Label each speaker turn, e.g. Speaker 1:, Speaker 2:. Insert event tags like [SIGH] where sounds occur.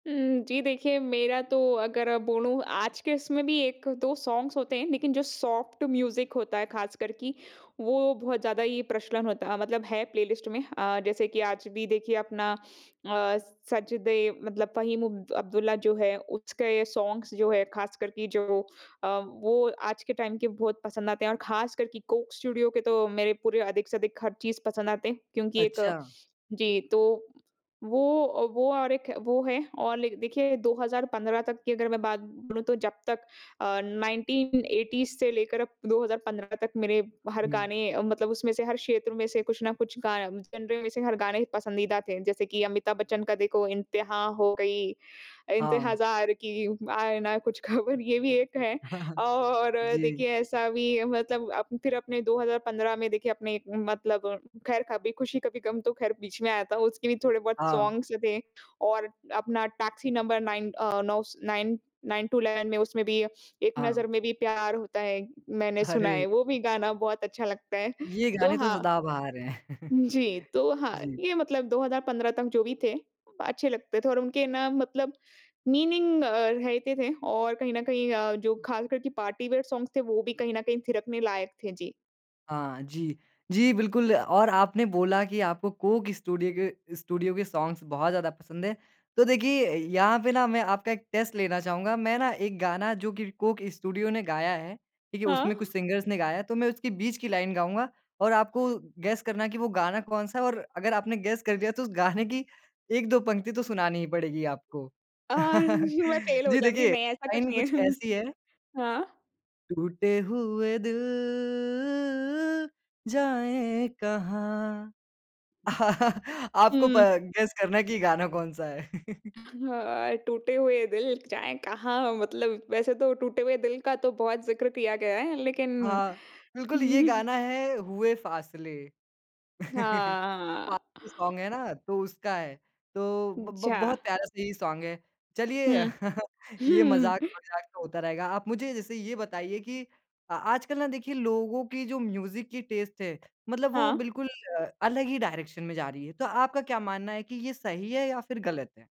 Speaker 1: उम, जी देखिए, मेरा तो अगर बोलूँ, आज के इसमें भी 1-2 सॉन्ग्स होते हैं, लेकिन जो सॉफ्ट म्यूज़िक होता है, ख़ास कर की, वो बहुत ज़्यादा ही प्रचलन होता, मतलब है प्लेलिस्ट में। अ, जैसे कि आज भी देखिए अपना अ, सजदे मतलब फ़हीम अब अब्दुल्ला जो है, उसके सॉन्ग्स जो हैं, ख़ास कर की जो अ, वो आज के टाइम के बहुत पसंद आते हैं और ख़ास कर कि कोक स्टूडिओ तो, मेरे पूरे अधिक से अधिक हर चीज़ पसंद आते हैं। क्योंकि एक
Speaker 2: अच्छा।
Speaker 1: जी, तो वो अ, वो और एक वो है और लाइक देखिए, 2015 तक की अगर मैं बात बोलूँ, तो जब तक अ, 1980s से लेकर अब 2015 तक मेरे हर
Speaker 2: हुँ।
Speaker 1: गाने अ, मतलब उसमें से हर क्षेत्र में से कुछ ना कुछ गा जेनर में से हर गाने पसंदीदा थे, जैसे कि अमिताभ बच्चन का देखो, "इंतहा हो गई
Speaker 2: हाँ।
Speaker 1: इंतज़ार की, आए ना कुछ ख़बर" ये भी एक है
Speaker 2: [CHUCKLES]
Speaker 1: और
Speaker 2: जी।
Speaker 1: देखिए, ऐसा भी मतलब अ, फिर अपने 2015 में देखिए, अपने मतलब, खैर, "कभी खुशी-कभी गम" तो खैर बीच में आया था। उसके भी थोड़े बहुत
Speaker 2: हाँ।
Speaker 1: सॉन्ग्स जो थे, और अपना टैक्सी नंबर 9 अ, नौ स नाइन 9 टू 11 में, उसमें भी, "एक
Speaker 2: हाँ।
Speaker 1: नज़र में भी प्यार होता है।" मैंने सुना
Speaker 2: अरे!
Speaker 1: है, वो भी गाना बहुत अच्छा लगता है।
Speaker 2: ये
Speaker 1: तो
Speaker 2: गाने तो
Speaker 1: हाँ
Speaker 2: सदा बहार हैं। [CHUCKLES]
Speaker 1: जी, तो हाँ,
Speaker 2: जी।
Speaker 1: ये मतलब 2015 तक जो भी थे, अच्छे लगते थे और उनके ना मतलब मीनिंग अ, रहते थे। और कहीं न कहीं अ, जो ख़ास कर की पार्टी वियर सॉन्ग्स थे, वो भी कहीं न कहीं थिरकने लायक थे। जी।
Speaker 2: हाँ, जी। जी बिल्कुल, और आपने बोला कि आपको कोक स्टूडियो के स्टूडियो के सॉन्ग्स बहुत ज़्यादा पसंद है। तो देखिए अ, यहाँ पे ना मैं आपका एक टेस्ट लेना चाहूँगा। मैं ना, एक गाना जो कि कोक स्टूडियो ने गाया है, ठीक है? उसमें
Speaker 1: हाँ।
Speaker 2: कुछ सिंगर्स ने गाया है तो मैं उसकी बीच की लाइन गाऊँगा और आपको गेस करना है कि वो गाना कौन-सा है? और अगर आपने गेस कर दिया, तो उस गाने की 1-2 पंक्ति तो सुनानी ही पड़ेगी आपको।
Speaker 1: अ,
Speaker 2: [LAUGHS]
Speaker 1: [CHUCKLES] मैं फ़ेल हो
Speaker 2: जी
Speaker 1: जाऊँगी,
Speaker 2: देखिए,
Speaker 1: नहीं, ऐसा कुछ
Speaker 2: लाइन
Speaker 1: नहीं है।
Speaker 2: कुछ
Speaker 1: [CHUCKLES]
Speaker 2: ऐसी है।
Speaker 1: हाँ।
Speaker 2: टूटे हुए दिल जाएँ कहाँ? [LAUGHS] आपको प
Speaker 1: हुँ।
Speaker 2: गेस करना कि गाना कौन-सा है। [CHUCKLES]
Speaker 1: हँ, टूटे हुए दिल जाएँ कहाँ? मतलब वैसे तो टूटे हुए दिल का तो बहुत ज़िक्र किया गया है। लेकिन
Speaker 2: हाँ, बिल्कुल ये
Speaker 1: [CHUCKLES]
Speaker 2: गाना है, "हुए फ़ासले।" [LAUGHS]
Speaker 1: हाँ, हाँ।
Speaker 2: [UNINTELLIGIBLE] सॉन्ग है ना? तो उसका है। तो ब ब
Speaker 1: अच्छा।
Speaker 2: बहुत प्यारा-सा ये सॉन्ग है। चलिए,
Speaker 1: हुँ।
Speaker 2: [LAUGHS] ये
Speaker 1: [CHUCKLES]
Speaker 2: मज़ाक-वज़ाक तो होता रहेगा। आप मुझे, जैसे ये बताइए कि अ आजकल ना देखिए, लोगों की जो म्यूज़िक की टेस्ट है, मतलब वो
Speaker 1: हाँ।
Speaker 2: बिल्कुल अ, अलग ही डायरेक्शन में जा रही है। तो आपका क्या मानना है कि ये सही है या फिर गलत है?